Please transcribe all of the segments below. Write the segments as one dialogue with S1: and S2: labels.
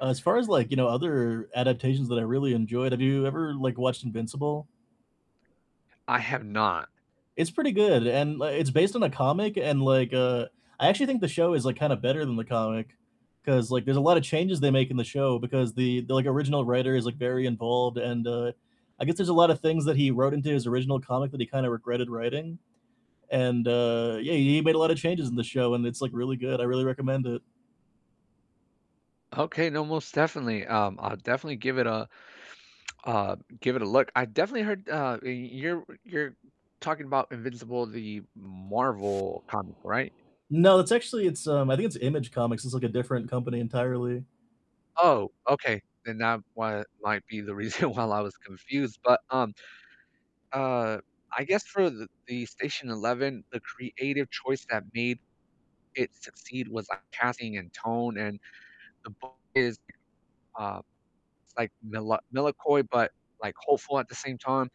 S1: As far as like, you know, other adaptations that I really enjoyed, have you ever, like, watched Invincible?
S2: I have not.
S1: It's pretty good, and like, it's based on a comic, and, like, uh, I actually think the show is, like, kinda better than the comic 'cause, like, there's a lot of changes they make in the show because the the, like, original writer is, like, very involved and, uh, I guess there's a lot of things that he wrote into his original comic that he kind of regretted writing. And, uh, yeah, he made a lot of changes in the show, and it's like really good. I really recommend it.
S2: Okay, no, most definitely. Um, I'll definitely give it, a a, give it a look. I definitely heard, uh, you're you're talking about Invincible, the Marvel comic, right?
S1: No, it's actually, it's, um I think it's Image Comics. It's like a different company entirely.
S2: Oh, okay, then that wa might be the reason why I was confused, but, um, uh, I guess for th the Station Eleven, the creative choice that made it succeed was, like, casting, and tone, and the book is, uh, it's, like, mela melancholy, but, like, hopeful at the same time,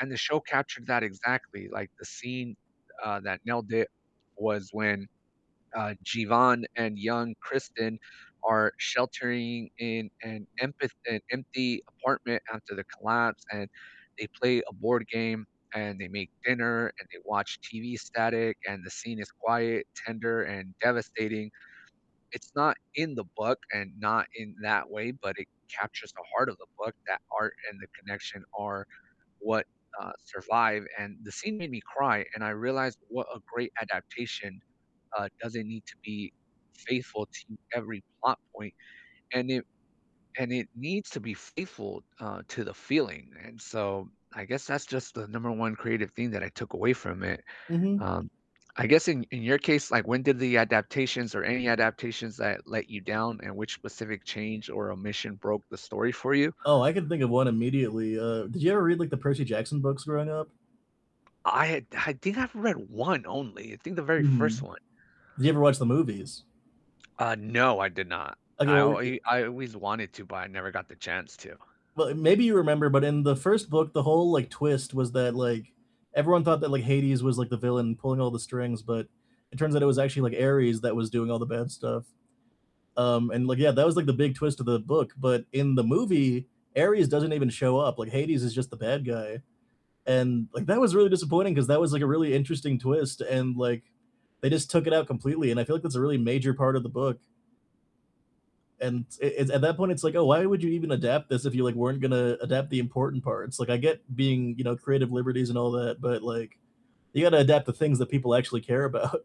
S2: and the show captured that exactly. Like, the scene, uh, that nailed it was when, uh, Jeevan, and young Kristen are sheltering in an empath an empty apartment after the collapse, and they play a board game, and they make dinner, and they watch TV static, and the scene is quiet, tender, and devastating. It's not in the book, and not in that way, but it captures the heart of the book, that art, and the connection are what, uh, survive, and the scene made me cry, and I realized what a great adaptation, uh, doesn't need to be faithful to every plot point, and it and it needs to be faithful, uh, to the feeling, and, so, I guess that's just the number 1 creative thing that I took away from it.
S1: Mhm.
S2: Um, I guess in in your case, like, when did the adaptations, or any adaptations that let you down, and which specific change or omission broke the story for you?
S1: Oh, I can think of one immediately. Uh, did you ever read, like, the Percy Jackson books growing up?
S2: I I think I've read 1 only. I think the very 1st
S1: Mhm,
S2: one.
S1: did you ever watch the movies?
S2: Uh, no, I did not,
S1: Okay,
S2: I
S1: well,
S2: al
S1: yea
S2: I always wanted to, but I never got the chance to.
S1: Well, i maybe you remember, but in the 1st book, the whole, like, twist was that, like, everyone thought that, like, Hades was, like, the villain pulling all the strings, but it turns out it was actually, like, Ares that was doing all the bad stuff, um, and, like, yeah, that was, like, the big twist of the book, but in the movie, Ares doesn't even show up, like, Hades is just the bad guy, and, like, that was really disappointing 'cause that was, like, a really interesting twist, and, like, they just took it out completely, and I feel like that's a really major part of the book. And it it at that point, it's, like, "Oh, why would you even adapt this if you, like, weren't gonna adapt the important parts?" Like, I get being, you know, creative liberties, and all that, but like you gotta adapt the things that people actually care about.